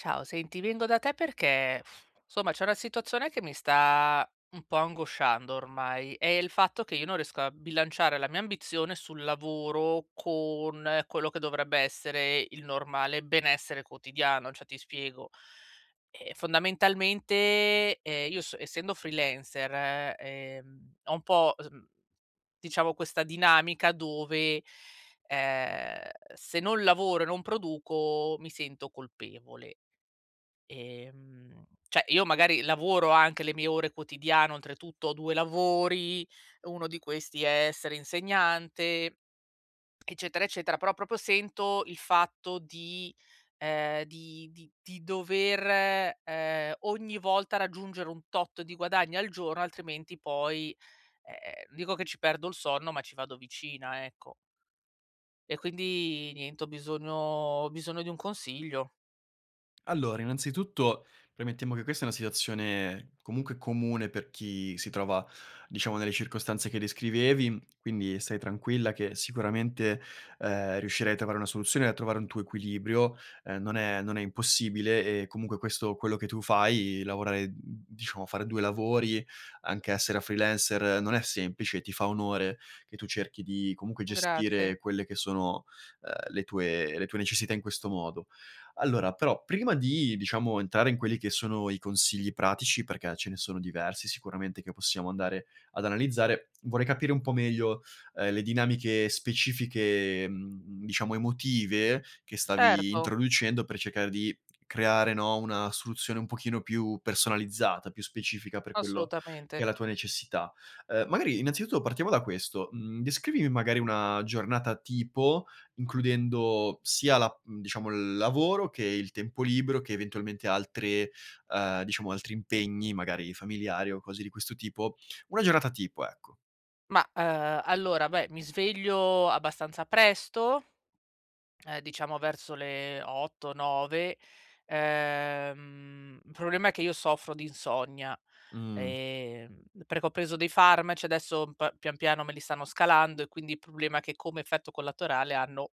Ciao, senti, vengo da te perché, somma, c'è una situazione che mi sta m un po' angosciando ormai: è il fatto che io non riesco a bilanciare la mia ambizione sul lavoro con quello che dovrebbe essere il normale benessere quotidiano. Cioè, ti spiego: ehm, fondamentalmente, ehm, io so essendo freelancer, ehm, ho un po' s mhmm, diciamo questa dinamica dove, ehm, se non lavoro e non produco mi sento colpevole. Ehm, cioè, io magari lavoro anche le mie ore quotidiane, oltretutto ho 2 lavori, uno di questi è essere insegnante, eccetera, eccetera, però proprio sento il fatto di ehm, di di di dover, ehm, ogni volta raggiungere un tot di guadagno al giorno altrimenti poi, ehm, non dico che ci perdo il sonno, ma ci vado vicina, ecco. E, quindi, niente ho bisogno ho bisogno di un consiglio. Allora, innanzitutto, premettiamo che questa è una situazione, comunque, comune per chi si trova, diciamo, nelle circostanze che descrivevi, quindi stai tranquilla che sicuramente, ehm, riuscirai a trovare una soluzione e a trovare un tuo equilibrio. Ehm, non è non è impossibile e comunque questo quello che tu fai, lavorare, diciamo, fare 2 lavori, anche essere freelancer, non è semplice e ti fa onore che tu cerchi di comunque Grazie. gestire quelle che sono, ehm, le tue le tue necessità in questo modo. Allora, però, prima di, diciamo, entrare in quelli che sono i consigli pratici- perché ce ne sono diversi sicuramente che possiamo andare ad analizzare- vorrei capire un po' meglio, ehm, le dinamiche specifiche, mhmm, diciamo, emotive che stavi Certo. introducendo per cercare di creare, no, una soluzione un pochino più personalizzata, più specifica per quello che è Assolutamente. la tua necessità. Ehm, magari, innanzitutto, partiamo da questo: mhmm, descrivimi, magari, una giornata tipo includendo sia la mhmm, diciamo, il lavoro che il tempo libero che eventualmente altre ehm, diciamo, altri impegni, magari familiari o cose di questo tipo, una giornata tipo, ecco. Ma, ehm, allora, beh, mi sveglio abbastanza presto, ehm, diciamo, verso le 8-9. Ehm, il problema è che io soffro di insonnia, Mh. ehm, perché ho preso dei farmaci, adesso p pian piano me li stanno scalando e, quindi, il problema è che come effetto collaterale hanno-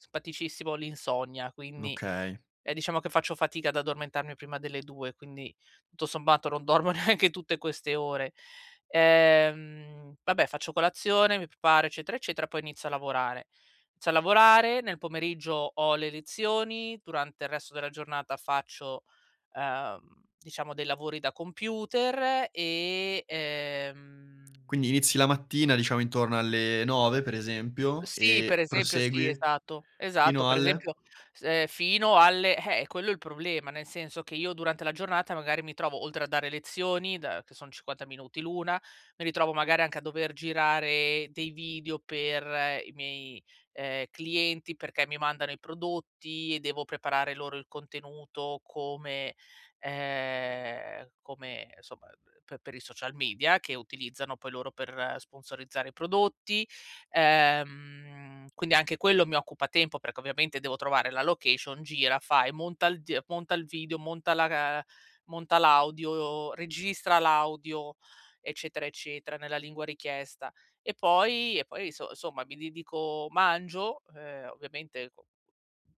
simpaticissimo- l'insonnia. Quindi, Okay. ehm, diciamo, che faccio fatica ad addormentarmi prima delle 2, quindi, tutto sommato, non dormo neanche tutte queste ore. Ehm, vabbè, faccio colazione, mi preparo, eccetera, eccetera, poi inizio a lavorare. Inizio a lavorare, nel pomeriggio ho le lezioni, durante il resto della giornata faccio, ehm, diciamo dei lavori da computer e, ehm Quindi inizi la mattina, diciamo, intorno alle 9, per esempio, Sì, per e esempio sì prosegui esatto, esatto. fino Per alle? esempio, s ehm, fino alle eh, quello è il problema, nel senso che io durante la giornata, magari, mi trovo, oltre a dare lezioni, da che sono 50 minuti l'una, mi ritrovo, magari, anche a dover girare dei video per i miei, ehm, clienti perché mi mandano i prodotti e devo preparare loro il contenuto come ehm, come, somma, pe per i social media che utilizzano poi loro per sponsorizzare i prodotti. Ehm, quindi anche quello mi occupa tempo perché ovviamente devo trovare la location, gira, fa e monta il die monta il video, monta la ehm, monta l'audio, registra l'audio, eccetera, eccetera, nella lingua richiesta e poi e poi so somma mi dedico mangio, ehm, ovviamente co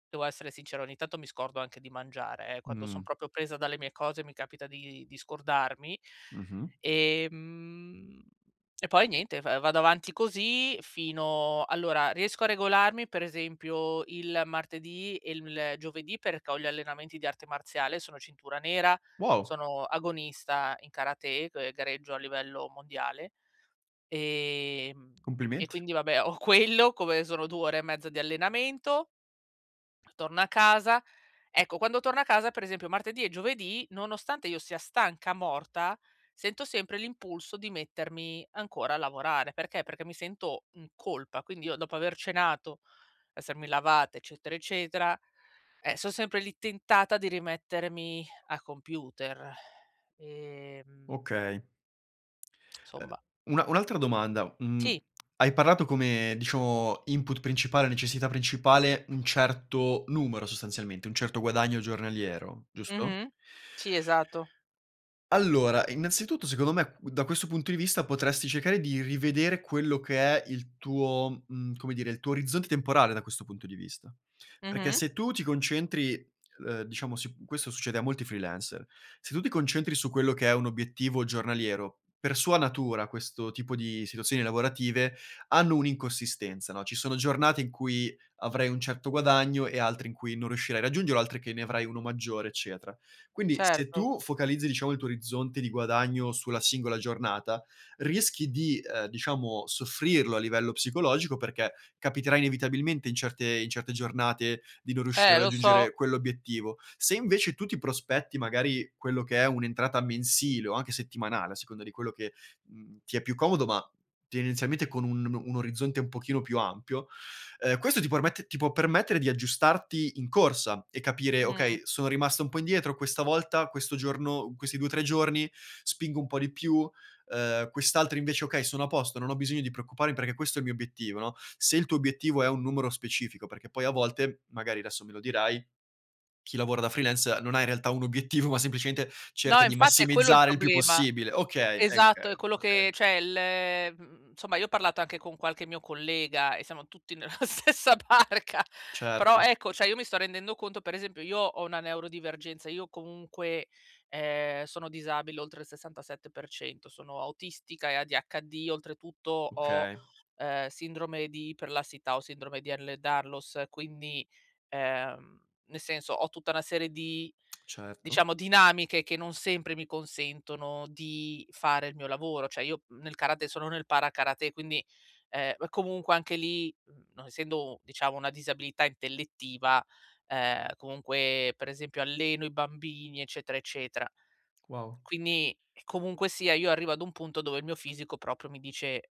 devo essere sincera, ogni tanto mi scordo anche di mangiare, eh. Quando Mh. sono proprio presa dalle mie cose, mi capita di di scordarmi. Mh-mh. Ehm, e poi niente f vado avanti così fino allora, riesco a regolarmi, per esempio, il martedì e il giovedì perché ho gli allenamenti di arte marziale- sono cintura nera, Wow! sono agonista in karate e g gareggio a livello mondiale- ehm, e, Complimenti. quindi, vabbè, ho quello come sono 2 ore e mezza di allenamento torno a casa. Ecco, quando torno a casa, per esempio, martedì e giovedì nonostante io sia stanca morta sento sempre l'impulso di mettermi ancora a lavorare, perché? Perché mi sento in colpa, quindi io dopo aver cenato, essermi lavata, eccetera, eccetera, eh, son sempre lì tentata di rimettermi a computer ehm Okay. Ehm, somma. un un'altra domanda, mhmm, Sì. hai parlato come, diciamo, input principale, necessità principale, un certo numero, sostanzialmente, un certo guadagno giornaliero, giusto? Mh-mh. Sì, esatto. Allora, innanzitutto, secondo me, q da questo punto di vista potresti cercare di rivedere quello che è il tuo, mhmm, come dire, il tuo orizzonte temporale da questo punto di vista. Perché Mh-mh. se tu ti concentri, ehm, diciamo si questo succede a molti freelancer: se tu ti concentri su quello che è un obiettivo giornaliero, per sua natura, questo tipo di situazioni lavorative hanno un'inconsistenza, no? Ci sono giornate in cui avrai un certo guadagno e altre in cui non riuscirai a raggiungerlo, altre che ne avrai uno maggiore, eccetera. Quindi se Certo. tu focalizzi, diciamo, il tuo orizzonte di guadagno sulla singola giornata, rischi di, ehm, diciamo soffrirlo a livello psicologico perché capiterà inevitabilmente in certe in certe giornate di non riuscire Eh, a lo so! raggiungere quell'obiettivo. Se, invece, tu ti prospetti, magari, quello che è un'entrata mensile o anche settimanale a seconda di quello che, mhmm, ti è più comodo, ma tendenzialmente con un o un orizzonte un pochino più ampio, ehm, questo ti permette ti può permettere di aggiustarti in corsa e capire: Mh. "Okay, sono rimasta un po' indietro questa volta, questo giorno, questi 2-3 giorni, spingo un po' di più, ehm, quest'altro invece: "Okay, sono a posto non ho bisogno di preoccuparmi perché questo è il mio obiettivo", no? Se il tuo obiettivo è un numero specifico, perché poi a volte, magari adesso me lo dirai, chi lavora da freelancer, non ha in realtà un obiettivo, ma semplicemente No, cerca di infatti è quello il massimizzare il più problema. possibile. Okay, ehm, Esatto, è uhm, quello okay. che cioè l mhmm, somma, io ho parlato anche con qualche mio collega e siamo tutti nella stessa barca. Però, Certo. ecco, cioè, io mi sto rendendo conto, per esempio, io ho una neurodivergenza. Io comunque, ehm, sono disabile oltre il 67%, sono autistica e ADHD, oltretutto ho, Okay. ehm, sindrome di iperlassità o Sindrome di Ehlers-Danlos quindi, ehm, nel senso ho tutta una serie di, Certo. diciamo, dinamiche che non sempre mi consentono di fare il mio lavoro. Cioè io nel karate sono nel Para-Karate quindi, ehm, comunque, anche lì, non essendo, diciamo, una disabilità intellettiva, ehm, comunque, per esempio, alleno i bambini, eccetera, eccetera. Wow. Quindi, comunque sia, io arrivo ad un punto dove il mio fisico proprio mi dice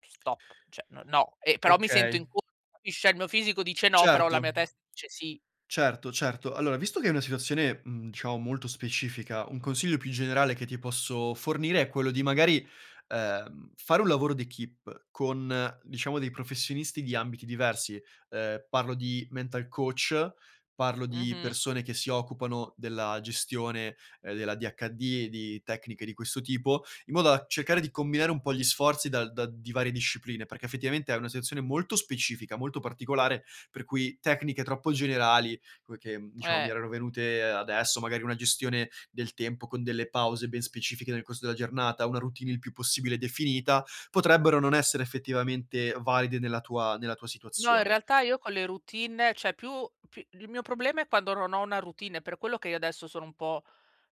"stop", cioè n no, ehm, però mi sento Okay. in co capisci? Ehm, il mio fisico dice "no", però la Certo. mia testa dice "sì". Certo, certo. Allora, visto che è una situazione, mhmm, diciamo, molto specifica, un consiglio più generale che ti posso fornire è quello di, magari, ehm, fare un lavoro d'equipe con, diciamo, dei professionisti di ambiti diversi. Ehm, parlo di mental coach, parlo di Mh-mh. persone che si occupano della gestione, ehm, dell'ADHD e di tecniche di questo tipo, in modo da cercare di combinare un po' gli sforzi dal da di varie discipline. Perché, effettivamente, è una situazione molto specifica, molto particolare, per cui tecniche troppo generali come che, diciamo, mi Eh! erano venute adesso, magari una gestione del tempo con delle pause ben specifiche nel corso della giornata, una routine il più possibile definita, potrebbero non essere effettivamente valide nella tua nella tua No, in situazione. realtà, io con le routine, cioè più p il mio problema è quando non ho una routine per quello che io adesso sono un po'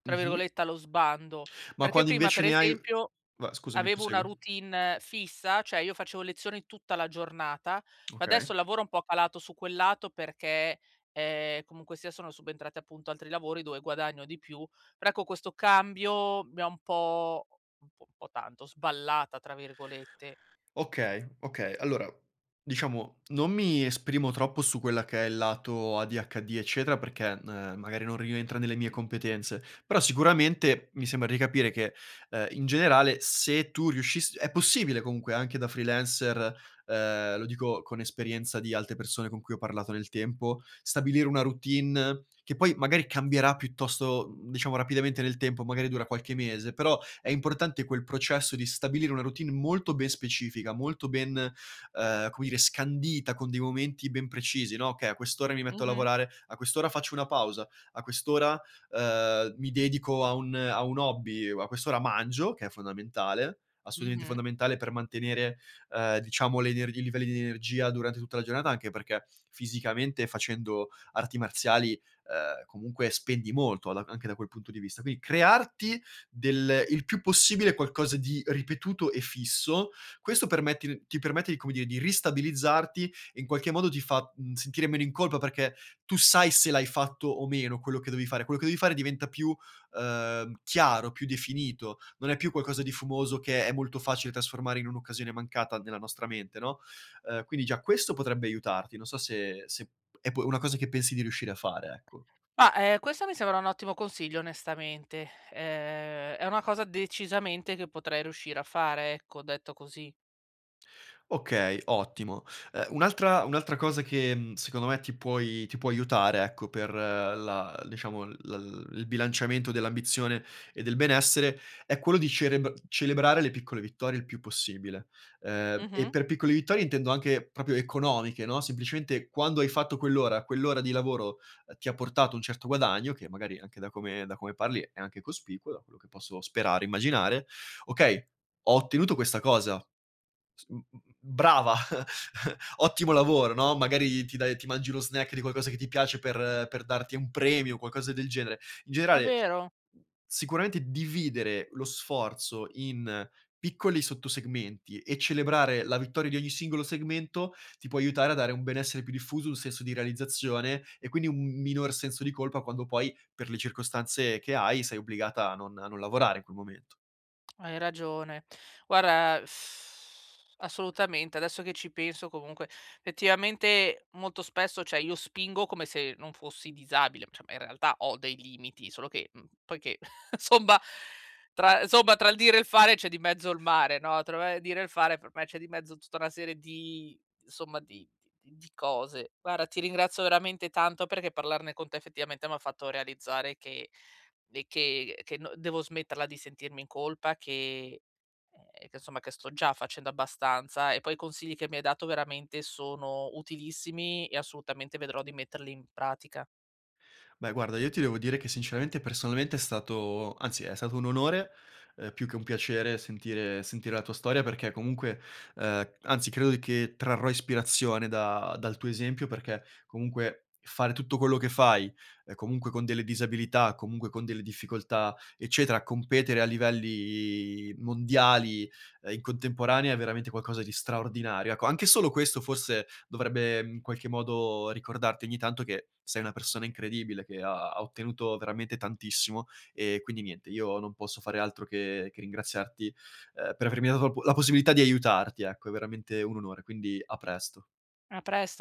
tra Mh-mh. virgolette "allo sbando". Ma Perché quando, prima, per invece, ne hai esempio, va scusami, avevo una prosegui. routine fissa, cioè io facevo lezioni tutta la giornata, ma Okay. adesso il lavoro è un po' calato su quel lato perché, ehm, comunque sia sono subentrati, appunto, altri lavori dove guadagno di più. Però, ecco, questo cambio mi ha un po' un po' po' tanto "sballata", tra virgolette. Okay, okay. Allora, diciamo, non mi esprimo troppo su quella che è il lato ADHD, eccetera, perché, ehm, magari non rientra nelle mie competenze, però sicuramente mi sembra di capire che, ehm, in generale, se tu riuscissi è possibile comunque anche da freelancer, ehm, lo dico con esperienza di altre persone con cui ho parlato nel tempo, stabilire una routine che poi, magari, cambierà piuttosto, diciamo, rapidamente nel tempo, magari dura qualche mese, però è importante quel processo di stabilire una routine molto ben specifica, molto ben, ehm, come dire, scandita, con dei momenti ben precisi, no, "Okay a quest'ora mi metto a Mh-mh. lavorare, a quest'ora faccio una pausa, a quest'ora, ehm, mi dedico a un a un hobby, uhm, a quest'ora mangio" che è fondamentale, assolutamente Mh-mh. fondamentale per mantenere, ehm, diciamo, le ener i livelli di energia durante tutta la giornata, anche perché fisicamente facendo arti marziali, ehm, comunque spendi molto a d anche da quel punto di vista. Quindi crearti del il più possibile qualcosa di ripetuto e fisso, questo permette ti permette di come dire, di ristabilizzarti e in qualche modo ti fa, mhmm, sentire meno in colpa perché tu sai se l'hai fatto o meno quello che dovevi fare. Quello che devi fare diventa più, ehm, chiaro, più definito, non è più qualcosa di fumoso che è molto facile trasformare in un'occasione mancata nella nostra mente, no? Ehm, quindi già questo potrebbe aiutarti, non so se se p è una cosa che pensi di riuscire a fare, ecco. Ma, eh, questo mi sembra un ottimo consiglio onestamente ehm è una cosa decisamente che potrei riuscire a fare ecco detto così. Okay, ottimo. Ehm, un'altra un'altra cosa che, mhmm, secondo me ti puoi ti può aiutare, ecco, per la diciamo l il il bilanciamento dell'ambizione e del benessere, è quello di cerebr celebrare le piccole vittorie il più possibile. Ehm, e Mh-mh. per piccole vittorie intendo anche proprio economiche, no, semplicemente quando hai fatto quell'ora, quell'ora di lavoro, ehm, ti ha portato un certo guadagno, che magari anche da come da come parli è anche cospicuo, da quello che posso sperare, immaginare: "Okay, ho ottenuto questa cosa, s m m brava, ottimo lavoro", no? Magari ti dai ti mangi uno snack di qualcosa che ti piace per per darti un premio o qualcosa del genere. In È generale, vero! sicuramente dividere lo sforzo in piccoli sotto segmenti e celebrare la vittoria di ogni singolo segmento, ti può aiutare a dare un benessere più diffuso, un senso di realizzazione e, quindi, un minor senso di colpa quando poi, per le circostanze che hai, sei obbligata a non a non lavorare in quel momento. Hai ragione. Guarda,, assolutamente, adesso che ci penso, comunque, effettivamente, molto spesso, cioè io spingo come se non fossi disabile, cioè, ma, in realtà, ho dei limiti, solo che, mhmm, poiché, insomma, tra insomma, tra il dire e il fare c'è di mezzo il mare, no, tro uhm, il dire e il fare per me c'è di mezzo tutta una serie di insomma, di di cose. Guarda, ti ringrazio veramente tanto perché parlarne con te, effettivamente, m'ha fatto realizzare che de che, uhm, che n devo smetterla di sentirmi in colpa, che uhm, che, insomma, sto già facendo abbastanza e poi i consigli che mi hai dato veramente sono utilissimi e assolutamente vedrò di metterli in pratica. Beh, guarda, io ti devo dire che, sinceramente, personalmente, è stato anzi, è stato un onore, ehm, più che un piacere sentire sentire la tua storia perché comunque ehm, anzi, credo che trarrò ispirazione da dal tuo esempio perché comunque fare tutto quello che fai, ehm, comunque con delle disabilità, comunque con delle difficoltà, eccetera, competere a livelli mondiali, ehm, in contemporanea è veramente qualcosa di straordinario, ecco. Anche solo questo, forse, dovrebbe, mhmm, in qualche modo ricordarti ogni tanto che sei una persona incredibile che ha ha ottenuto veramente tantissimo. E, quindi, niente, io non posso fare altro che che, ehm, ringraziarti per avermi dato l la possibilità di aiutarti, ecco, è veramente un onore, quindi a presto. A presto.